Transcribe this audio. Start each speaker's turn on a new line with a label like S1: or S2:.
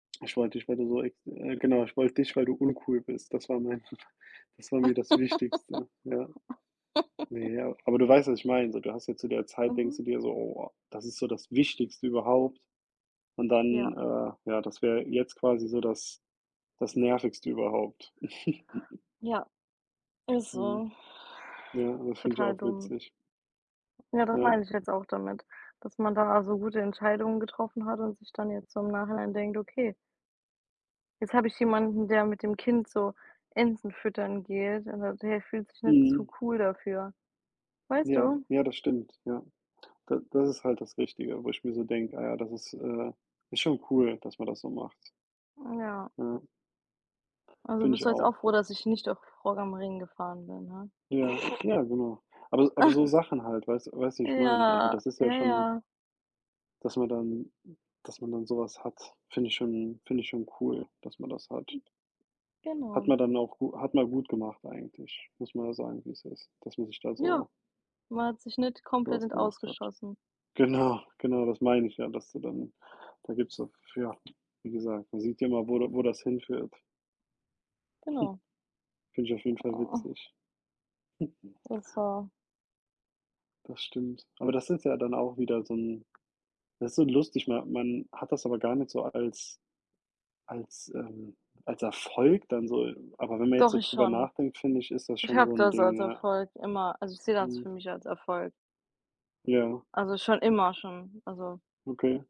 S1: Ich wollte dich, weil du so ex äh, genau, ich wollte dich, weil du uncool bist. Das war mein das war mir das Wichtigste, ja. Ne, ja, aber du weißt, was ich meine. So, du hast ja zu der Zeit denkst
S2: Mhm.
S1: du dir so: „Oh, das ist so das Wichtigste überhaupt“ und
S2: Ja.
S1: dann, äh ja, das wär jetzt quasi so das das Nervigste überhaupt.
S2: Ja, Ist
S1: Mhm.
S2: so.
S1: Ja, das finde ich
S2: Total
S1: auch
S2: dumm.
S1: witzig.
S2: Ja, das
S1: Ja.
S2: meine ich jetzt auch damit, dass man da so gute Entscheidungen getroffen hat und sich dann jetzt so im Nachhinein denkt: „Okay“ „Jetzt habe ich jemanden, der mit dem Kind so Enten füttern geht und [unintelligible] der fühlt sich nicht zu
S1: Mhm.
S2: cool dafür.“ Weißt
S1: Ja,
S2: du?
S1: ja, das stimmt, ja. Da das ist halt das Wichtige, wo ich mir so denke: „Ah ja, das ist äh, ist schon cool, dass man das so macht."
S2: Hm, ja.
S1: Ja.
S2: Also
S1: Finde
S2: bist
S1: ich
S2: du jetzt auch
S1: auch.
S2: froh, dass ich nicht auf Rock am Ring gefahren bin, ne?
S1: Ja, ja genau. Aber s aber so Sachen halt, weiß weißt du, wie ich meine. Also
S2: Ja,
S1: das ist ja
S2: ja
S1: schon
S2: ja.
S1: dass man dann dass man dann so was hat, finde ich schon finde ich schon cool, dass man das hat. Hat
S2: Genau.
S1: man dann auch gu hat man gut gemacht eigentlich, muss man ja sagen, wie's ist, dass man sich da
S2: Ja,
S1: so
S2: man hat sich nicht komplett
S1: sowas
S2: ins Aus
S1: gemacht hat.
S2: geschossen.
S1: Genau, genau das meine ich ja, dass du dann da gibt's so f ja, wie gesagt, man sieht ja immer, wo da wo das hinführt.
S2: Genau.
S1: Finde ich auf jeden Fall
S2: Oh.
S1: witzig.
S2: Ist so
S1: Das stimmt. Aber das ist ja dann auch wieder so 'n das ist so lustig. Ma man hat das aber gar nicht so als als, ähm als Erfolg dann so. Aber wenn man jetzt
S2: Doch
S1: so
S2: ich
S1: drüber
S2: schon.
S1: nachdenkt, finde ich, ist das
S2: Ich
S1: schon
S2: habe
S1: so 'n
S2: das als
S1: Ding, ja.
S2: Erfolg immer also ich sehe das
S1: Mhm.
S2: für mich als Erfolg.
S1: Ja.
S2: Also schon immer schon, also
S1: Okay.